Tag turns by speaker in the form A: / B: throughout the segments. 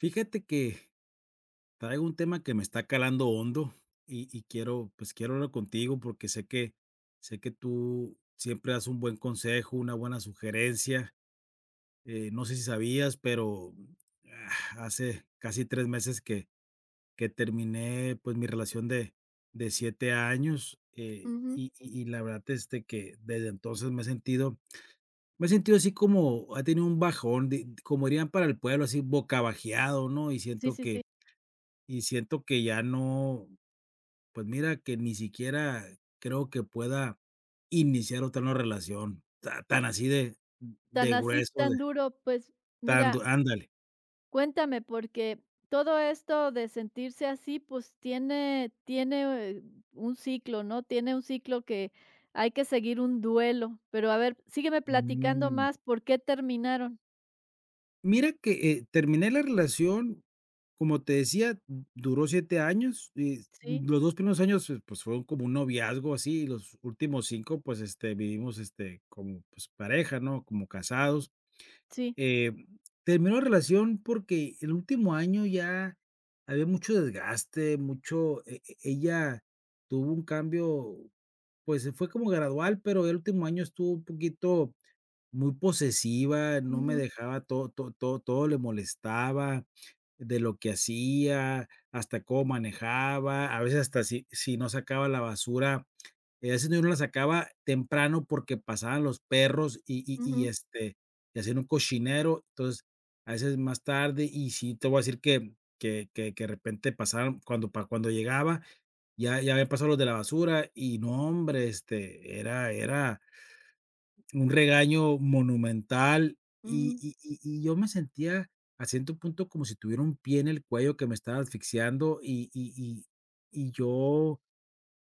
A: Fíjate que, traigo un tema que me está calando hondo y y quiero, pues, quiero hablarlo contigo porque sé que sé que tú siempre das un buen consejo, una buena sugerencia, eh, no sé si sabías, pero, mm, ah, hace casi 3 meses, que que terminé pues mi relación de de 7 años, eh,
B: Ujú.
A: y y y la verdad desde que desde entonces me he sentido me he sentido así como, he tenido un bajón, di d como dirían para el pueblo así bocabajeado, ¿no? Y
B: Sí,
A: siento
B: sí,
A: que
B: sí.
A: y siento que ya no pues, mira que ni siquiera creo que pueda iniciar otra vez una relación ta tan así de
B: Tan
A: de
B: así,
A: grueso de
B: tan duro. Pues,
A: tan
B: mira
A: du ándale
B: cuéntame, porque todo esto de sentirse así pues, tiene tiene un ciclo, ¿no? Tiene un ciclo que, hay que seguir un duelo, pero a ver, sígueme platicando
A: Mm.
B: más, ¿por qué terminaron?
A: Mira que, eh, terminé la relación como te decía, d duró 7 años, eh,
B: Sí.
A: los 2 primeros años, fu pues fueron como un noviazgo así y los últimos 5, pues, este, vivimos este, como pues pareja, ¿no? Como casados,
B: Sí.
A: em, terminó la relación porque el último año ya había mucho desgaste mucho, e e ella tuvo un cambio. Pues, se fue como gradual, pero el último año estuvo un poquito muy posesiva. No me
B: Ujú.
A: dejaba, to to to todo le molestaba de lo que hacía, hasta cómo manejaba, a veces hasta si si no sacaba la basura, en ese tiempo no la sacaba temprano porque pasaban los perros y y y
B: Ujú.
A: este, y hacían un cochinero, entonces a veces más tarde. Y sí, te voy a decir que que que que de repente pasaron, cuando pa cuando llegaba ya ya habían pasado los de la basura y no, hombre, este, era era un regaño monumental y
B: Ujú.
A: y y y yo me sentía, a ciento punto como si tuviera un pie en el cuello que me estaba asfixiando y y y y yo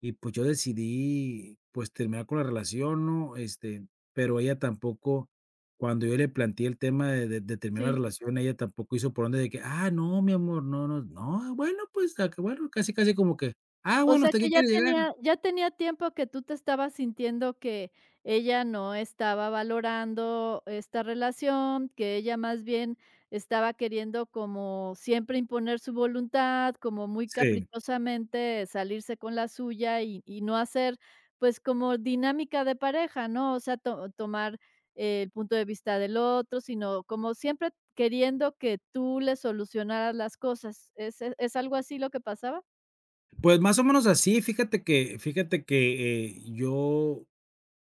A: y pues, yo decidí pues, terminar con la relación, ¿no? Este, pero ella tampoco cuando yo le planteé el tema de de de terminar la
B: Sí.
A: relación, ella tampoco hizo por donde de que: "Ah, no, mi amor, no no, nos no, bueno, pues se acabó". Bueno, casi, casi como que: "Ah,
B: O
A: bueno,
B: sea,
A: ¿hasta que
B: que ya
A: quieres llegar?"
B: tenía ya tenía tiempo que tú te estabas sintiendo que, ella no estaba valorando esta relación, que ella más bien estaba queriendo como siempre imponer su voluntad, como muy
A: Sí.
B: caprichosamente salirse con la suya y y no hacer, pues, como dinámica de pareja, ¿no? O sea, to tomar el punto de vista del otro, sino como siempre queriendo que tú le solucionaras las cosas, ¿es a es algo así lo que pasaba?
A: Pues, más o menos así, fíjate que fíjate que, eh, yo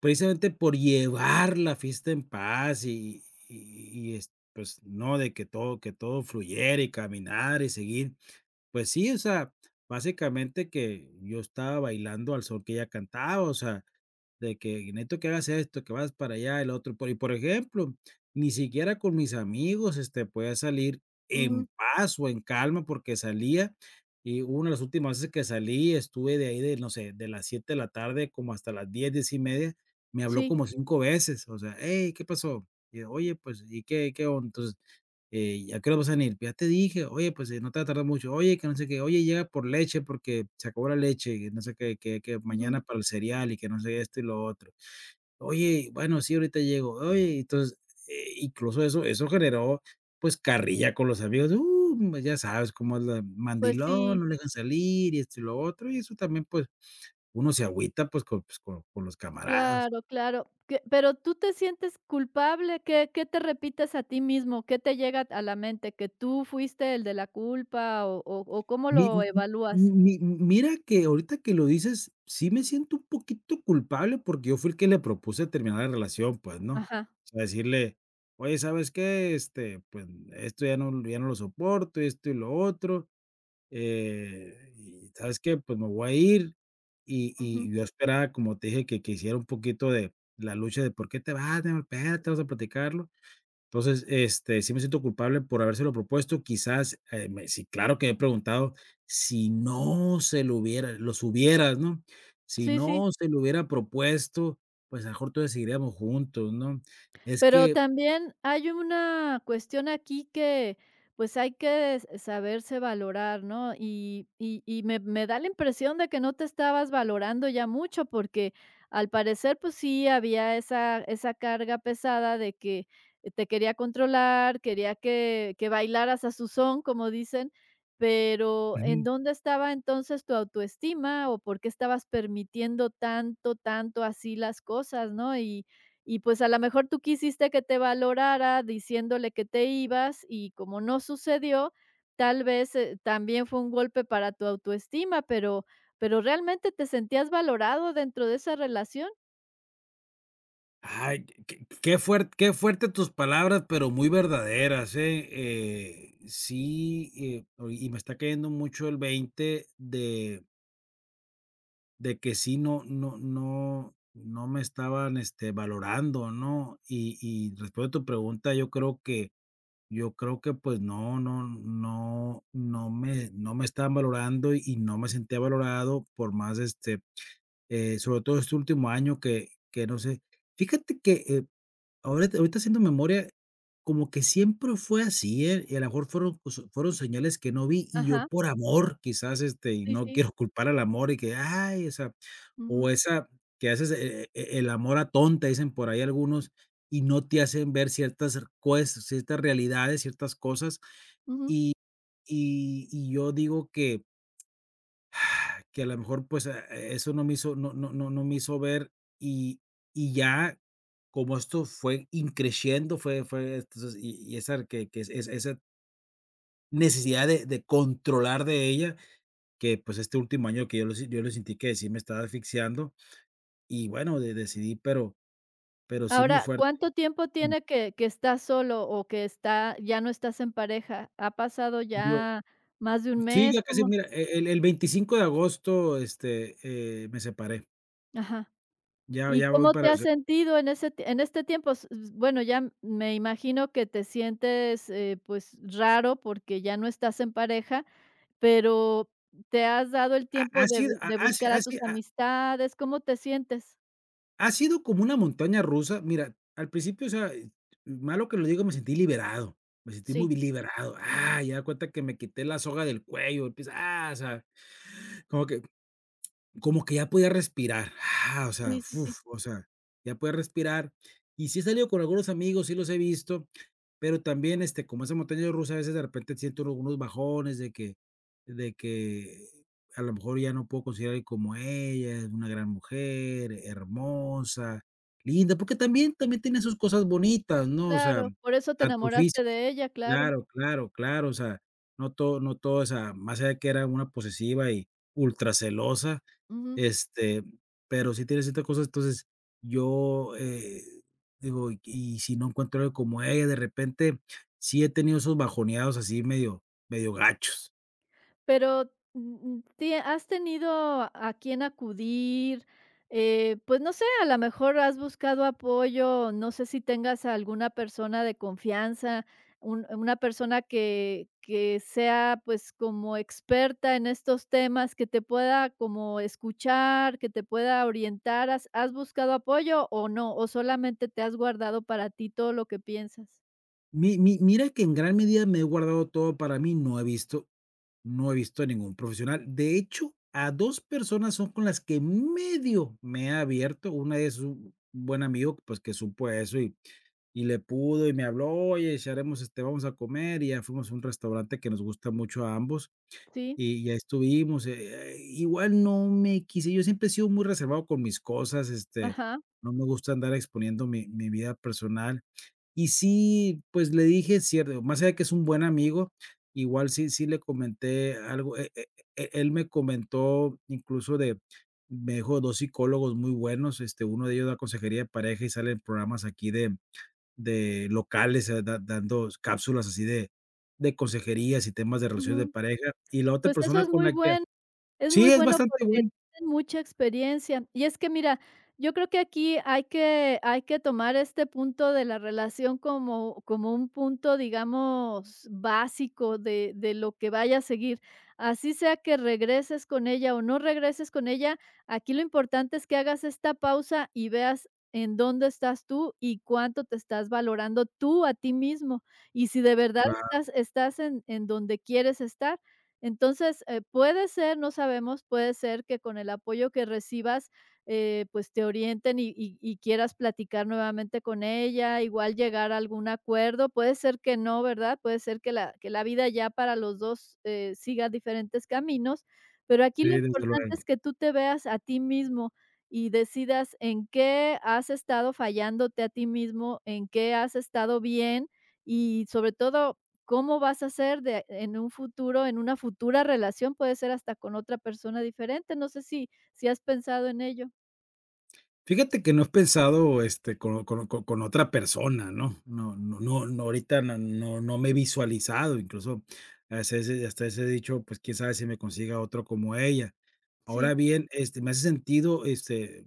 A: precisamente por llevar la fiesta en paz y y y es, pues, no, de que todo que todo fluyera, y caminar y seguir, pues sí, o sea, básicamente que yo estaba bailando al son que ella cantaba, o sea, de que "necesito que hagas esto, que vayas para allá, el otro", y po por ejemplo, ni siquiera con mis amigos, este, podía salir en
B: Ujú.
A: paz o en calma porque salía, y una de las últimas veces que salí, estuve de ahí de, no sé, de las 7 de la tarde como hasta las 10, 10:30 me habló
B: Sí.
A: como 5 veces, o sea: "Hey, ¿qué pasó?", y ella: "Oye, pues, y qué qué onda, entonces, eh, ¿y a qué hora vas a venir?". "Ya te dije" "Oye, pues, eh, no te vayas a tardar mucho, oye, que no sé qué, oye, llega por leche porque se acabó la leche y no sé que que que
B: Ujú.
A: mañana para el cereal y que no sé esto y lo otro". "Oye, bueno, sí, ahorita llego". "Oye", entonces, eh, incluso eso eso generó, pues, carrilla con los amigos, ¡uh!, pues ya sabes cómo es la:
B: Pues
A: "Mandilón,
B: sí.
A: no lo dejan salir, y esto, y lo otro", y eso también, pues, uno se agüita, pues, con pues con con los camaradas.
B: Claro, claro, qué ¿pero tú te sientes culpable?, ¿qué qué te repites a ti mismo?, ¿qué te llega t a la mente?, ¿que tú fuiste el de la culpa o o o cómo
A: Mi m
B: lo evalúas?
A: m mi mira que ahorita que lo dices sí, me siento un poquito culpable porque yo fui el que le propuse terminar la relación, pues, ¿no?,
B: Ajá.
A: o sea, decirle: "Oye, ¿sabes qué?, este, pues, esto ya no ya no lo soporto, y esto y lo otro, eh, y ¿sabes qué?, pues, me voy a ir", y
B: Ujú.
A: y yo esperaba, como te dije, que que hiciera un poquito de la lucha de: "¿Por qué te vas, mi amor? Espérate, vamos a platicarlo". Entonces, este, sí me siento culpable por habérselo propuesto, quizás, eh me sí, claro que me he preguntado: "¿Si no se lo hubiera?". "Los hubieras", ¿no?, si
B: Sí, sí.
A: no se lo hubiera propuesto, pues, a lo mejor, todavía seguiríamos juntos, ¿no?, es
B: Pero
A: que
B: también hay una cuestión aquí que, pues, hay que s saberse valorar, ¿no? y y y me me da la impresión de que no te estabas valorando ya mucho porque, al parecer, pues, sí había esa esa carga pesada de que te quería controlar, quería que que "bailaras a su son", como dicen, pero, ¿en
A: Ujú.
B: dónde estaba entonces tu autoestima o por qué estabas permitiendo tanto, tanto así las cosas?, ¿no?, y y, pues, a lo mejor tú quisiste que te valorara diciéndole que te ibas y, como no sucedió, tal vez, eh, también fue un golpe para tu autoestima, pero pero, ¿realmente te sentías valorado dentro de esa relación?
A: Ay, q q qué fuer qué fuerte tus palabras, pero muy verdaderas, eh eh, sí, eh, oye, y me está cayendo mucho el veinte de de que sí, no no no no me estaban, este, valorando, ¿no?, y y respondiendo tu pregunta, yo creo que yo creo que, pues, no no no no me no me estaban valorando y no me sentía valorado por más, este, eh, sobre todo este último año que que, no sé, fíjate que, eh, ahorita ahorita haciendo memoria, como que siempre fue así, eh, y a la mejor fueron, pues, fueron señales que no vi, y yo
B: Ajá.
A: por amor, quizás, este, y
B: Sí,
A: no
B: sí.
A: quiero culpar al amor y que, ¡ay! o sea, o
B: Ujú.
A: esa que haces "e e el amor atonta", dicen por ahí algunos y no te hacen ver ciertas cer cues ciertas realidades, ciertas cosas
B: Ujú.
A: y y y yo digo que que a la mejor, pues, ah, eso no me hizo no no no no me hizo ver y y ya como esto fue in crescendo fue fue entonces y y esa que r que es esa necesidad de de controlar de ella, que pues este último año que yo lo yo lo sentí que sí me estaba asfixiando y bueno, de decidí pero pero sí, muy
B: Ahora,
A: fuerte,
B: ¿cuánto tiempo
A: mm.
B: tiene que que estás solo o que está ya no estás en pareja?, ¿ha pasado
A: Yo
B: ya más de un
A: Sí,
B: mes?
A: ya casi,
B: ¿Cómo
A: mira, e el el 25 de agosto, este, eh, me separé.
B: Ajá.
A: Ya
B: ¿Y
A: ya voy
B: cómo te
A: para
B: has
A: se
B: sentido en ese ti en este tiempo?, s s bueno ya, me imagino que te sientes, eh, pues raro porque ya no estás en pareja, pero, ¿te has dado el
A: Ha
B: tiempo
A: ha
B: de
A: sido
B: vi
A: ha
B: de
A: ha si
B: buscar a
A: ha
B: tus
A: si ha
B: amistades, cómo te sientes?
A: Ha sido como una montaña rusa. Mira, al principio, o sea, eh, malo que lo digo, me sentí liberado, me sentí
B: Sí.
A: muy liberado, ¡ah!, y haga de cuenta que me quité la soga del cuello, quizá, ah, o sea, como que como que ya podía respirar, o sea,
B: Sí, sí, sí.
A: ¡fuf!, o sea, ya podía respirar, y si he salido con algunos amigos, sí, los he visto, pero también, este, como esa montaña rusa, a veces de repente siento uno unos bajones de que de que a lo mejor ya no puedo conseguir a alguien como ella, es una gran mujer, hermosa, linda, porque también también tenía sus cosas bonitas, ¿no?, o sea,
B: Claro, por eso te
A: tanto
B: enamoraste
A: físico
B: de ella, claro.
A: claro, claro, claro, o sea, no todo no todo, o sea, más allá de que era una posesiva y ultra celosa,
B: Ujú.
A: este, pero sí tiene ciertas cosas, entonces yo, eh digo: "¿Y y si no encuentro alguien como ella?", de repente, sí he tenido esos bajoneados así medio, medio gachos.
B: Pero m m ti ¿Has tenido a quién acudir?, eh, pues no sé, a la mejor has buscado apoyo, no sé si tengas alguna persona de confianza, un una persona que que sea pues como experta en estos temas, que te pueda como escuchar, que te pueda orientar. ¿Has has buscado apoyo o no? ¿O, solamente te has guardado para ti todo lo que piensas?
A: Mi mi mira que en gran medida me he guardado todo para mí, no he visto no he visto a ningún profesional. De hecho, a 2 personas son con las que medio me he abierto, una es un buen amigo, pues que supo eso y y le pudo, y me habló: "Oye, charlemos, este, vamos a comer", y ya fuimos a un restaurante que nos gusta mucho a ambos,
B: Sí.
A: y ahí estuvimos, e e eh, igual no me quise yo siempre he sido muy reservado con mis cosas, este,
B: Ajá.
A: no me gusta andar exponiendo mi mi vida personal y sí, pues le dije: "Es cierto", más allá que es un buen amigo igual sí sí, le comenté algo, e e él me comentó incluso de me dijo de 2 psicólogos muy buenos, este, 1 de ellos da consejería de pareja y sale en programas aquí de de locales, eh, da dando cápsulas así de de consejerías y temas de relaciones de
B: Ujú.
A: pareja, y la otra
B: Pues eso
A: persona
B: es
A: con
B: muy
A: la que ha
B: buen es
A: Sí,
B: muy
A: es
B: bueno
A: bastante
B: porque
A: bueno.
B: tienen mucha experiencia. Y es que mira, yo creo que aquí hay que hay que tomar este punto de la relación como como un punto, digamos básico de de lo que vaya a seguir, así sea que regreses con ella o no regreses con ella, aquí lo importante es que hagas esta pausa y veas en dónde estás tú y cuánto te estás valorando tú a ti mismo, y si de verdad
A: Claro.
B: estás estás en en donde quieres estar, entonces, eh, puede ser, no sabemos, puede ser que con el apoyo que recibas, eh, pues te orienten y y y quieras platicar nuevamente con ella, igual llegar a algún acuerdo, puede ser que no, ¿verdad?, puede ser que la que la vida ya para los 2 eh, siga diferentes caminos, pero aquí
A: Sí,
B: lo
A: desde
B: importante
A: luego.
B: es que tú te veas a ti mismo y decidas en qué has estado fallándote a ti mismo, en qué has estado bien y sobre todo, cómo vas a hacer de en un futuro, en una futura relación, puede ser hasta con otra persona diferente, no sé si si has pensado en ello.
A: Fíjate que no he pensado este con o con o con otra persona, ¿no?, no no no no, ahorita no, no me he visualizado incluso hasta ese hasta ese dicho, pues, quién sabe si me consiga otra como ella. Ahora
B: Sí.
A: bien, este, me hace sentido, este,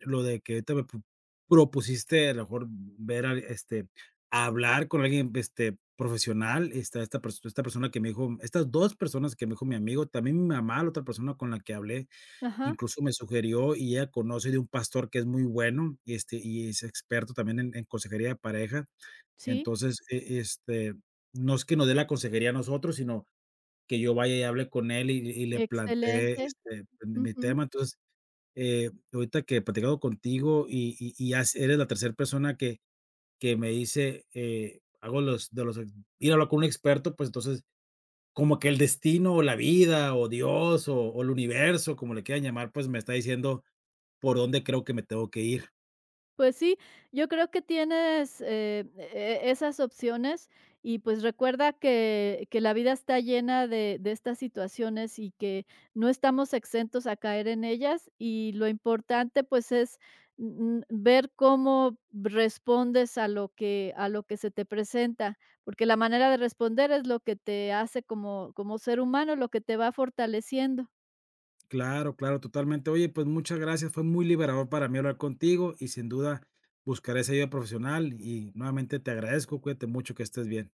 A: lo de que ahorita me prop propusiste a lo mejor v ver a, este, hablar con alguien, este, profesional. Esta esta pers esta persona que me dijo estas 2 personas que me dijo mi amigo, también mi mamá, la otra persona con la que hablé,
B: Ajá.
A: incluso me sugirió y ella conoce de un pastor que es muy bueno y, este, y es experto también en en consejería de pareja,
B: Sí.
A: entonces e este, no es que nos dé la consejería a nosotros, sino que yo vaya y hable con él y y le plantee
B: Excelente,
A: este pues mi mi
B: ujú.
A: tema, entonces, eh, ahorita que platicando contigo y y y ya s eres la tercer persona que que me dice, eh, hago los de los ir a hablar con un experto, pues, entonces como que el destino o la vida o Dios o o el universo como le quieran llamar, pues, me está diciendo por dónde creo que me tengo que ir.
B: Pues sí, yo creo que tienes, eh, e e esas opciones y pues recuerda que que la vida está llena de de estas situaciones y que no estamos exentos a caer en ellas. Y lo importante, pues, es, mm mm, ver cómo respondes a lo que a lo que se te presenta, porque la manera de responder es lo que te hace como como ser humano, lo que te va fortaleciendo.
A: Claro, claro, totalmente. Oye, pues, muchas gracias. Fue muy liberador para mí hablar contigo y sin duda buscaré esa ayuda profesional y nuevamente te agradezco. Cuídate mucho. Que estés bien.